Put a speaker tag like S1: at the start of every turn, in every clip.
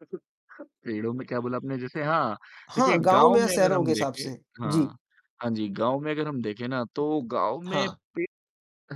S1: पेड़ों में क्या बोला आपने जैसे हाँ, देखिए
S2: हाँ, गाँव
S1: गाँव
S2: में या
S1: में अगर
S2: शहरों के
S1: हम
S2: हिसाब
S1: देखें
S2: से। जी।
S1: हाँ, हाँ जी, गाँव में अगर हम देखें ना तो गाँव में
S2: हाँ।
S1: पेड़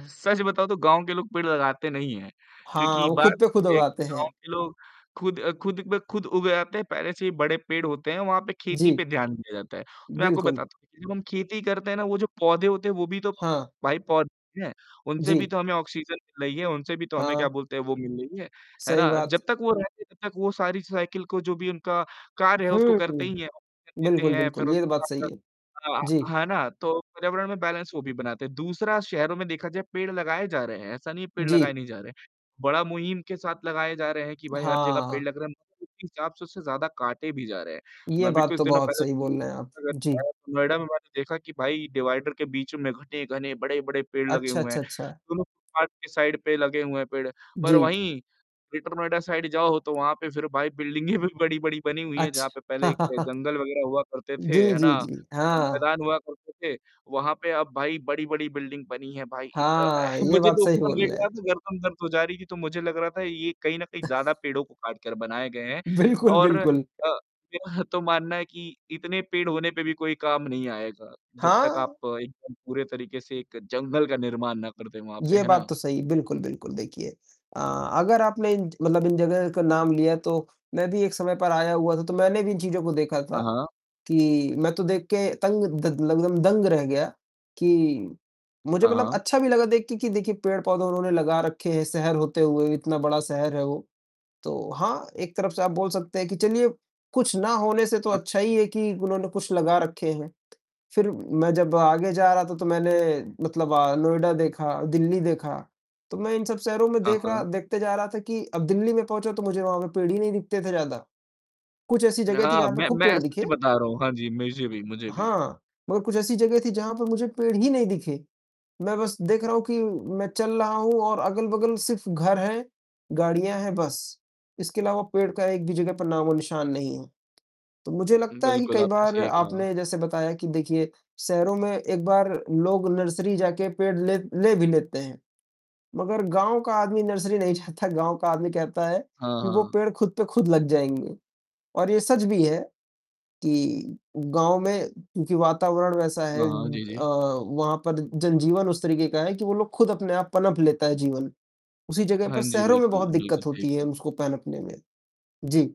S1: सच बताऊँ तो गाँव के लोग पेड़ लगाते नहीं हैं
S2: हाँ,
S1: क्योंकि
S2: वो
S1: बात
S2: खुद पे खुद
S1: ये है कि
S2: उगाते
S1: गाँव
S2: हैं।
S1: के लोग खुद अ, खुद पे खुद उग आते हैं, पहले से ही बड़े पेड़ होते हैं वहाँ पे, खेती
S2: जी।
S1: पे ध्यान दिया जाता है। मैं आपको
S2: बिल्कुल।
S1: बताता हूँ कि जब हम खेती करते हैं ना वो जो पौधे होते हैं वो भी तो
S2: हाँ।
S1: भाई पौधे हैं, उनसे भी
S2: जी।
S1: तो हमें ऑक्सीजन मिल रही है, उनसे भी तो हमें क्या
S2: हाँ।
S1: बोलते हैं वो मिल रही है, है
S2: सही
S1: ना?
S2: बात।
S1: जब तक वो रहते हैं तब तक वो सारी साइकल को जो भी उनका कार्य है
S2: हुँ,
S1: उसको करते
S2: हुँ।
S1: ही हैं, ऑक्सीजन देते
S2: बिल्कुल,
S1: हैं, फिर
S2: बिल्कुल। ये तो
S1: उसके
S2: बात सही
S1: बाद
S2: है। जी।
S1: अ, है ना? तो पर्यावरण में बैलन्स वो भी बनाते हैं। दूसरा शहरों में देखा जाए पेड़ लगाए जा रहे हैं, ऐसा नहीं है पेड़ लगाए
S2: जी।
S1: नहीं जा रहे हैं, बड़ा मुहिम के साथ लगाए जा रहे हैं कि भाई हर जगह पेड़
S2: हाँ।
S1: लग रहे हैं, मगर उसी हिसाब से उससे ज़्यादा काटे भी जा रहे हैं,
S2: ये
S1: मैं अभी
S2: बात
S1: कुछ
S2: तो
S1: दिनों
S2: बहुत
S1: पहले
S2: सही बोल
S1: [unintelligible]
S2: रहे हैं आप। जी।
S1: नोएडा में मैंने देखा कि भाई डिवाइडर के बीच में घने-घने बड़े-बड़े पेड़ लगे
S2: अच्छा,
S1: हुए हैं,
S2: अच्छा, अच्छा।
S1: दोनों पार्क के साइड पे लगे हुए हैं पेड़, पर
S2: जी।
S1: वहीं ग्रेटर नोएडा साइड जाओ तो वहाँ पे फिर भाई बिल्डिंगें भी बड़ी-बड़ी बनी हुई हैं,
S2: अच्छ
S1: जहाँ पे पहले जंगल वग़ैरह हुआ करते
S2: जी,
S1: थे, है
S2: जी,
S1: ना?
S2: जी। हाँ।
S1: मैदान हुआ करते थे, वहाँ पे अब भाई बड़ी-बड़ी बिल्डिंग बनी हैं भाई। इता
S2: हाँ, ये
S1: मुझे
S2: बात
S1: तो
S2: सही
S1: ऊपर
S2: बोल
S1: देख
S2: रहे हैं।
S1: रहा था, गर्दन दर्द हो जा रही थी तो मुझे लग रहा था ये कहीं न कहीं ज़्यादा पेड़ों को काटकर बनाए गए हैं
S2: बिल्कुल,
S1: और अ,
S2: बिल्कुल।
S1: मेरा तो मानना है कि इतने पेड़ होने पे भी कोई काम नहीं आएगा, जब तक आप
S2: हाँ।
S1: एकदम पूरे तरीके से एक जंगल का निर्माण ना कर दें वहाँ पे,
S2: ये
S1: है
S2: बात
S1: ना?
S2: तो सही। बिल्कुल, बिल्कुल देखिए, अ, अगर आपने इन मतलब इन जगह का नाम लिया तो मैं भी एक समय पर आया हुआ था, तो मैंने भी इन चीज़ों को देखा
S1: हाँ,
S2: था
S1: हाँ।
S2: कि मैं तो देख के तंग, द लगभग दंग रह गया कि मुझे
S1: हाँ,
S2: मतलब
S1: हाँ।
S2: अच्छा भी लगा देख के कि देखिए पेड़-पौधे उन्होंने लगा रखे हैं शहर होते हुए इतना बड़ा शहर है वो, तो हाँ, एक तरफ़ से आप बोल सकते हैं कि चलिए कुछ ना होने से तो
S1: हाँ।
S2: अच्छा ही है कि उन्होंने कुछ लगा रखे हैं, फिर मैं जब आगे जा रहा था तो मैंने मतलब अ, नोएडा देखा, दिल्ली देखा, तो मैं इन सब शहरों में
S1: हाँ,
S2: देख रहा
S1: हाँ।
S2: देखते जा रहा था कि अब दिल्ली में पहुँचा तो मुझे वहाँ पे पेड़ ही नहीं दिखते थे ज़्यादा, कुछ ऐसी जगह थी
S1: ना
S2: जहाँ पे
S1: मैं
S2: खूब
S1: मैं
S2: पेड़
S1: सच
S2: दिखे।
S1: बता रहा हूँ हाँ जी। मुझे भी, मुझे भी।
S2: हाँ, मगर कुछ ऐसी जगह थी जहाँ पर मुझे पेड़ ही नहीं दिखे, मैं बस देख रहा हूँ कि मैं चल रहा हूँ और अगल-बगल सिर्फ घर हैं, गाड़ियाँ हैं बस। इसके अलावा पेड़ का एक भी जगह पर नामोनिशान नहीं है, तो मुझे लगता है कि
S1: बिल्कुल
S2: कई
S1: आपने
S2: बार
S1: सही कहा।
S2: आपने जैसे बताया कि देखिए शहरों में एक बार लोग नर्सरी जाके पेड़ ले ले भी लेते हैं, मगर गाँव का आदमी नर्सरी नहीं जाता। गाँव का आदमी कहता है
S1: हाँ,
S2: कि वो
S1: हाँ।
S2: पेड़ खुद पे खुद लग जाएँगे और ये सच भी है कि गाँव में क्योंकि वातावरण वैसा है
S1: हाँ, हाँ। जी,
S2: अ,
S1: जी।
S2: वहाँ पर जनजीवन उस तरीके का है कि वो लोग खुद अपने आप पनप लेता है जीवन उसी जगह
S1: हाँ
S2: पर,
S1: जी
S2: शहरों में
S1: बिल्कुल।
S2: बहुत
S1: बिल्कुल
S2: दिक्कत
S1: सही
S2: होती है
S1: कहा।
S2: उसको पनपने में। जी।